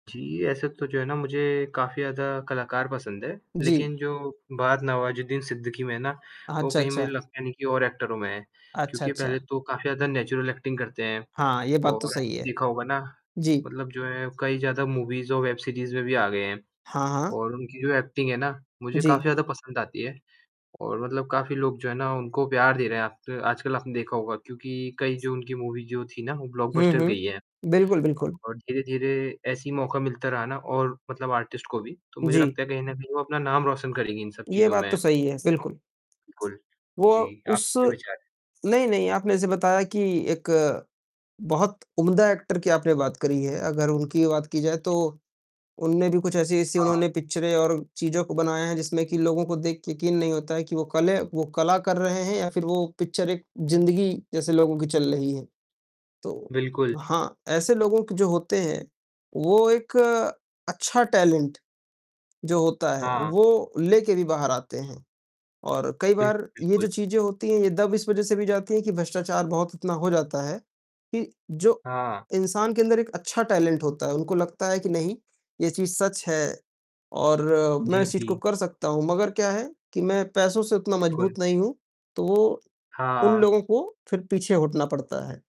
जी, ऐसे तो जो है ना मुझे काफ़ी ज़्यादा कलाकार पसंद है। जी। लेक़िन जो बात नवाज़ुद्दीन सिद्दीकी में है ना अ, वो अच्छा, कहीं मुझे अच्छा। लगता नहीं कि और एक्टरों में है। अच्छा, क्योंकि पहले अच्छा। तो काफ़ी ज़्यादा नेचुरल एक्टिंग करते हैं हाँ, ये बात तो और सही है। देखा होगा ना जी। मतलब जो है कई ज़्यादा मूवीज़ और वेब सीरीज़ में भी आ गए हैं हाँ, हाँ। और उनकी जो एक्टिंग है ना मुझे काफ़ी जी। ज़्यादा पसंद आती है और मतलब काफ़ी लोग जो है ना उनको प्यार दे रहे हैं। आप आजकल आपने देखा होगा क्योंकि कई जो उनकी मूवी जो थी ना वो हुँ, ब्लॉकबस्टर हुँ। गई है बिल्कुल, बिल्कुल। और धीरे-धीरे ऐसी मौका मिलता रहा ना और मतलब आर्टिस्ट को भी, तो मुझे जी। लगता है कहीं न कहीं वो अपना नाम रोशन करेंगे इन सब ये चीज़ों बात तो में। सही है, बिल्कुल। बिल्कुल। वो जी, उस आपके क्या विचार हैं? नहीं-नहीं आपने ऐसे बताया कि एक बहुत उम्दा एक्टर की आपने बात करी है। अगर उनकी बात की जाए तो जी। उन्होंने भी कुछ ऐसी-ऐसी हाँ। उन्होंने पिक्चरें और चीज़ें बनाए हैं, जिसमें कि लोगों को देखकर यक़ीन नहीं होता है कि वो कले वो कला कर रहे हैं या फ़िर वो पिक्चर एक ज़िंदगी जैसे लोगों की चल रही है। तो बिल्कुल। हाँ, ऐसे लोग जो होते हैं, वो एक अच्छा टैलेंट जो होता है, हाँ। वो लेकर भी बाहर आते हैं और कई बिल्क बार ये बिल्कुल। जो चीज़ें होती हैं, ये दब इस वजह से भी जाती है कि भ्रष्टाचार बहुत इतना हो जाता है कि जो, हाँ। इंसान के अंदर एक अच्छा टैलेंट होता है, उनको लगता है कि नहीं ये चीज़ सच है और मैं जी, इस चीज़ को जी। कर सकता हूँ। मगर क्या है कि मैं पैसों से उतना बिल्कुल। मज़बूत नहीं हूँ तो उन हाँ। लोगों को फ़िर पीछे हटना पड़ता है।